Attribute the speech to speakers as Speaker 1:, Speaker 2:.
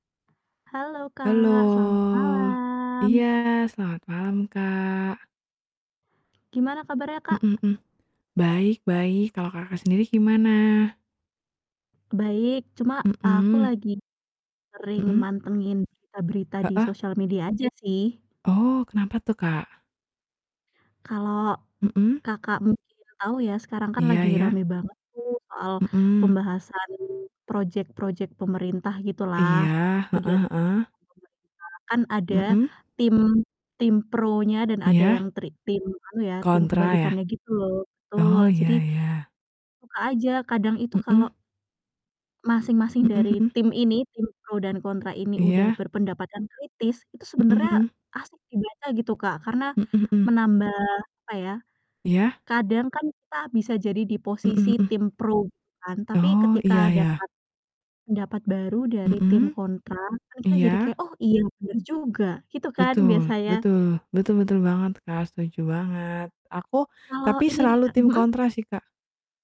Speaker 1: Halo,
Speaker 2: Halo.
Speaker 1: Kak, selamat
Speaker 2: Iya,
Speaker 1: malam.
Speaker 2: selamat malam, Kak.
Speaker 1: Gimana kabarnya, Kak?
Speaker 2: Mhm mhm. Baik baik, kalau Kakak sendiri gimana?
Speaker 1: Baik, cuma aku
Speaker 2: Mhm.
Speaker 1: lagi sering
Speaker 2: Mhm.
Speaker 1: mantengin berita-berita di
Speaker 2: Heeh.
Speaker 1: sosial media aja sih.
Speaker 2: Oh, kenapa tuh, Kak?
Speaker 1: Kalo
Speaker 2: Mhm.
Speaker 1: Kakak mungkin tau ya, sekarang kan
Speaker 2: Iya
Speaker 1: lagi
Speaker 2: iya.
Speaker 1: rame banget tuh soal
Speaker 2: Mhm.
Speaker 1: pembahasan project-project pemerintah gitu lah,
Speaker 2: Iya, heeh heeh.
Speaker 1: kegiatan-kegiatan pemerintah kan ada
Speaker 2: Mhm.
Speaker 1: tim tim pronya dan ada yang
Speaker 2: Iya.
Speaker 1: tri tim anu ya, tim
Speaker 2: Kontra ya?
Speaker 1: kebalikannya gitu loh, betul.
Speaker 2: Oh,
Speaker 1: Jadi
Speaker 2: iya iya.
Speaker 1: suka aja kadang itu kalau
Speaker 2: Mhm.
Speaker 1: masing-masing
Speaker 2: Mhm
Speaker 1: dari
Speaker 2: mhm.
Speaker 1: tim ini, tim pro dan kontra ini udah
Speaker 2: Iya.
Speaker 1: berpendapatan kritis, itu
Speaker 2: Mhm
Speaker 1: sebenarnya
Speaker 2: mhm.
Speaker 1: asik dibaca gitu, Kak, karena
Speaker 2: Mhm, mhm.
Speaker 1: menambah apa ya,
Speaker 2: Iya.
Speaker 1: kadang kan kita bisa jadi di
Speaker 2: Mhm,
Speaker 1: posisi
Speaker 2: mhm.
Speaker 1: tim pro gitu kan, tapi
Speaker 2: Oh, iya
Speaker 1: ketika
Speaker 2: ya.
Speaker 1: dapat pendapat baru dari tim
Speaker 2: Mhm.
Speaker 1: kontra kan kita jadi
Speaker 2: Iya.
Speaker 1: kayak, "Oh, iya bener juga!" Gitu kan
Speaker 2: Betul,
Speaker 1: biasanya.
Speaker 2: betul, betul betul banget, Kak, setuju banget. Aku
Speaker 1: Kalo
Speaker 2: tapi
Speaker 1: ini nih,
Speaker 2: selalu
Speaker 1: Kak
Speaker 2: tim
Speaker 1: mhm?
Speaker 2: kontra sih, Kak.